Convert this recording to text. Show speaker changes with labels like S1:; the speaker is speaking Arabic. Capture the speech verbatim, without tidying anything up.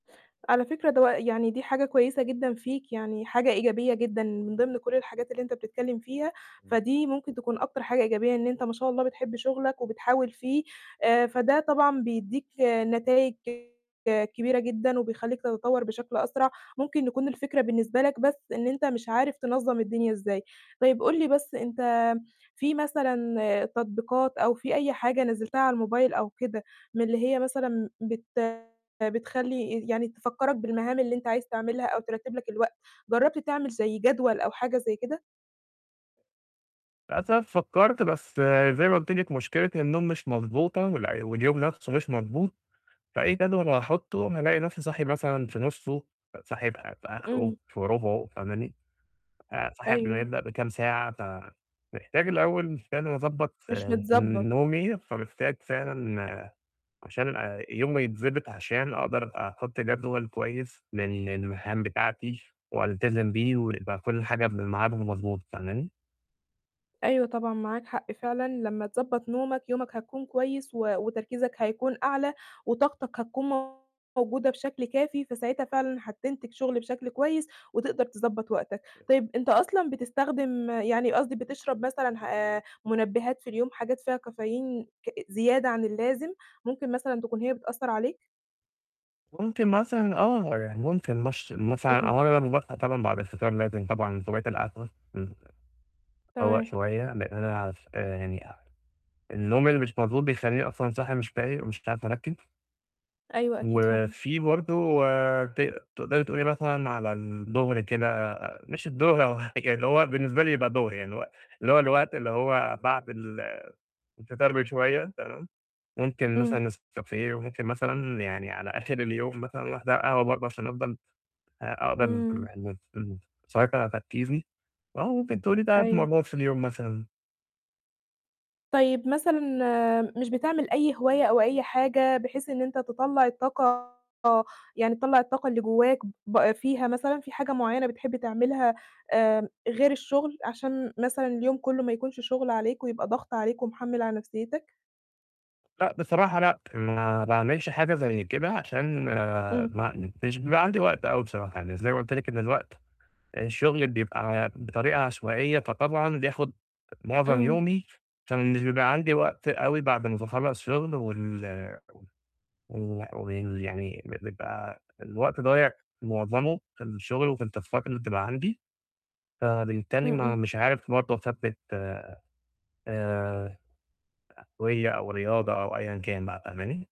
S1: على فكرة دو يعني دي حاجة كويسة جدًا فيك، يعني حاجة إيجابية جدًا، من ضمن كل الحاجات اللي أنت بتتكلم فيها،
S2: إمم.
S1: فدي ممكن تكون أكتر حاجة إيجابية إن أنت ما شاء الله بتحب شغلك، وبتحاول فيه، آآ، فده طبعًا بيدّيك، نتايج كبيرة جدًا وبيخليك تتطور بشكل أسرع. ممكن يكون الفكرة بالنسبة لك بس إن أنت مش عارف تنظّم الدنيا إزاي. طيب قل لي بس أنت في مثلًا، تطبيقات أو في أي حاجة نزلتها على الموبايل أو كده من اللي هي مثلًا بت بتخلي يعني تفكرَك بالمهام اللي أنت عايز تعملها أو ترَتِب لك الوقت؟ جربت تعمل زَي جدول أو حاجة زَي كده؟
S2: للاسف فكرت، بس، زَي ما قلُت لِك مُشكلة النوم مش مضبوطة، وال واليوم نفسه مش مضبوط. فأي جدول هاحطه أنا ألاقي نفسي صاحي مثلًا في نُصه، صاحي في في آخره،
S1: إمم.
S2: في رُبعه فاهماني؟ آآ، صاحي قبل ما
S1: أيوه.
S2: يبدأ بكام ساعة، فمحتاج الأول فعلًا أضبط
S1: مش متضبط.
S2: نومي، فمحتاج فعلًا، عشان يومي يتضبط عشان أقدر أحط جدول كويس لل للمهام بتاعتي، وألتزم بيه، ويبقى كل حاجة قبل الميعاد المضبوط، فاهماني؟
S1: أيوه طبعًا معاك حق فعلًا، لما تضبط نومك، يومك هيكون كويس و وتركيزك هيكون أعلى وطاقتك هتكون موجودة بشكل كافي، فساعتها فعلًا هتنتج شغل بشكل كويس وتقدر تضبط وقتك.
S2: [unintelligible]
S1: طيب أنت أصلًا بتستخدم يعني قصدي بتشرب مثلًا آآ، منبهات في اليوم حاجات فيها كافيين ك زيادة عن اللازم؟ ممكن مثلًا تكون هي بتأثر عليك؟
S2: مُمكن مثلًا آه يعني، ممكن مش مثلًا
S1: إمم.
S2: أولًا [unintelligible] طبعًا بعد الفطار لازم طبعًا [unintelligible] الأكل، إمم، أفوّق
S1: تمام.
S2: شوية لإن أنا [unintelligible] يعني النوم اللي مش مضبوط بيخليني أصلًا صاحي مش فايق ومش عارف أركِّز.
S1: أيوه، أكيد فاهمة.
S2: وفيه برضو، ت تقدري تقولي مثلًا على الضُهر كده، مش الضُهر، هو يعني اللي هو بالنسبة لي يبقى ضُهر، يعني اللي هو اللي هو الوقت اللي هو بعد ال الفطار بشوية، تمام؟ مُمكن مثلًا
S1: إمم.
S2: نسكافيه، وممكن مثلًا يعني على آخر اليوم مثلًا واحدة قهوة برضو عشان أفضّل أ أقدر،
S1: إمم.
S2: [unintelligible] أسيطر على تركيزي واهو ممكن تقولي تلات
S1: أيوه.
S2: مرات في اليوم مثلًا.
S1: طيب مثلًا، مش بتعمل أي هواية أو أي حاجة بحيث إن أنت تطلّع الطاقة، يعني تطلّع الطاقة اللي جواك، ب فيها مثلًا فيه حاجة معينة بتحب تعملها، آآ، غير الشُغل؟ عشان مثلًا اليوم كله ما يكونش شُغل عليك، ويبقى ضغط عليك ومحمِل على نفسيتك.
S2: لأ، بصراحة لأ، ما باعملش حاجة زي كده عشان، ما
S1: إمم.
S2: ما مش بيبقى عندي وقت أوي بصراحة. يعني زَي ما قُلت لِك إن الوقت الشُغل بيبقى بطريقة عشوائية، فطبعًا بياخد مُعظم
S1: إمم.
S2: يومي، فمش بيبقى عندي وقت أوي بعد ما باخلص شُغل، وال وال وال يعني بيبقى الوقت ضايع معظمه في الشُغل وفي التاسكات اللي بتبقى عندي. فبالتالي
S1: إمم.
S2: ما
S1: إمم.
S2: مش عارف برضو أثبِّت، آآ، [unintelligible] أو رياضة أو أيًا كان بقى، فاهماني؟